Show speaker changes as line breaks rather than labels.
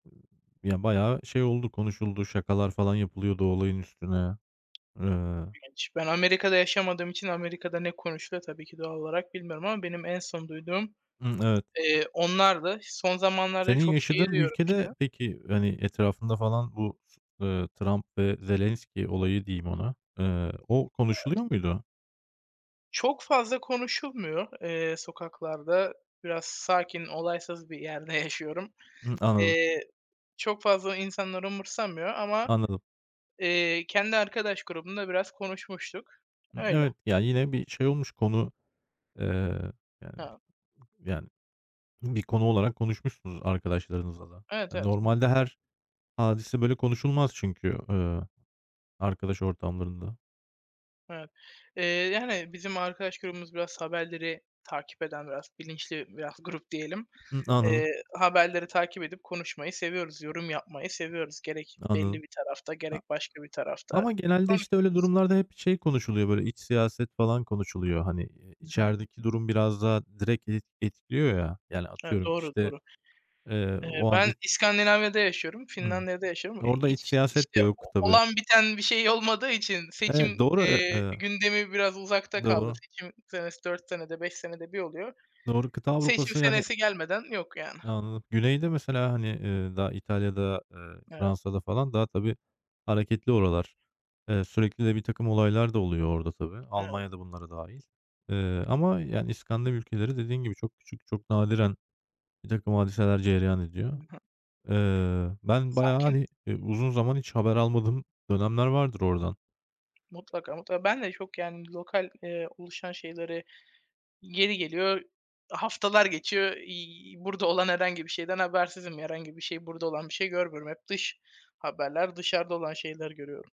Iıı, ya bayağı şey oldu, konuşuldu. Şakalar falan yapılıyordu olayın üstüne. Eee
Ben hiç ben Amerika'da yaşamadığım için Amerika'da ne konuşuluyor tabii ki doğal olarak bilmiyorum ama benim en son duyduğum,
Hımm evet.
eee, onlardı. Son zamanlarda
Senin
çok şeyi
yaşadığın
duyuyorum işte.
ülkede peki hani, etrafında falan bu, ııı, Trump ve Zelenski olayı diyeyim ona. Eee, o
Evet.
konuşuluyor muydu?
Çok fazla konuşulmuyor, eee, sokaklarda. Biraz sakin, olaysız bir yerde yaşıyorum.
Hımm, anladım.
Eee, çok fazla insanlar umursamıyor ama,
Anladım.
eee, kendi arkadaş grubumda biraz konuşmuştuk.
Imm,
Öyle.
evet. Ya yine bir şey olmuş konu, eee,
He
yani p yani bir konu olarak konuşmuşsunuz arkadaşlarınızla da.
Evet
Hani,
evet,
normalde
mutlaka.
her hadise böyle konuşulmaz çünkü, eee, arkadaş ortamlarında.
Evet, eee, yani bizim arkadaş grubumuz biraz haberleri takip eden, biraz bilinçli, biraz grup diyelim,
Hı, anladım.
eee, haberleri takip edip konuşmayı seviyoruz, yorum yapmayı seviyoruz. Gerek belli
Anladım.
bir tarafta,
A
gerek başka bir tarafta
ama genelde işte öyle
konuşuyoruz.
durumlarda hep şey konuşuluyor böyle, iç siyaset falan konuşuluyor. Hani, eee,
Hı hı.
içerideki durum biraz daha direkt et etkiliyor ya. Yani
Evet,
atıyorum
doğru,
işte,
doğru.
eee,
Eee,
o an i
ben İskandinavya'da yaşıyorum,
Imm.
Finlandiya'da yaşıyorum, eee,
Orada iç
hiç
siyaset
işte
de yok tabii.
olan biten bir şey olmadığı için
Evet,
seçim,
doğru. E
eee,
eee
gündemi biraz uzakta kaldı.
Doğru.
Seçim senesi 4 senede, 5 senede bir oluyor.
Doğru. Kıta
Seçim
Avrupa'sı yani
senesi gelmeden yok yani.
anladım. Güney'de mesela hani, eee, daha İtalya'da, eee,
Evet.
Fransa'da falan daha tabii hareketli oralar. Eee, sürekli de birtakım olaylar da oluyor orada tabii.
Evet.
Almanya da bunlara dâhil, eee, ama yani İskandinav ülkeleri dediğin gibi çok küçük, çok nadiren birtakım hadiseler cereyan
Hı
ediyor.
hı.
Eee, ben bayağı
Sakin.
hani, eee, uzun zaman hiç haber almadığım dönemler vardır oradan.
Mutlaka, mutlaka. Ben de çok yani lokal, eee, oluşan şeyleri yeri geliyor haftalar geçiyor. İii, burada olan herhangi bir şeyden habersizim. Herhangi bir şey burada olan bir şey görmüyorum. Hep dış haberler, dışarıda olan şeyleri görüyorum.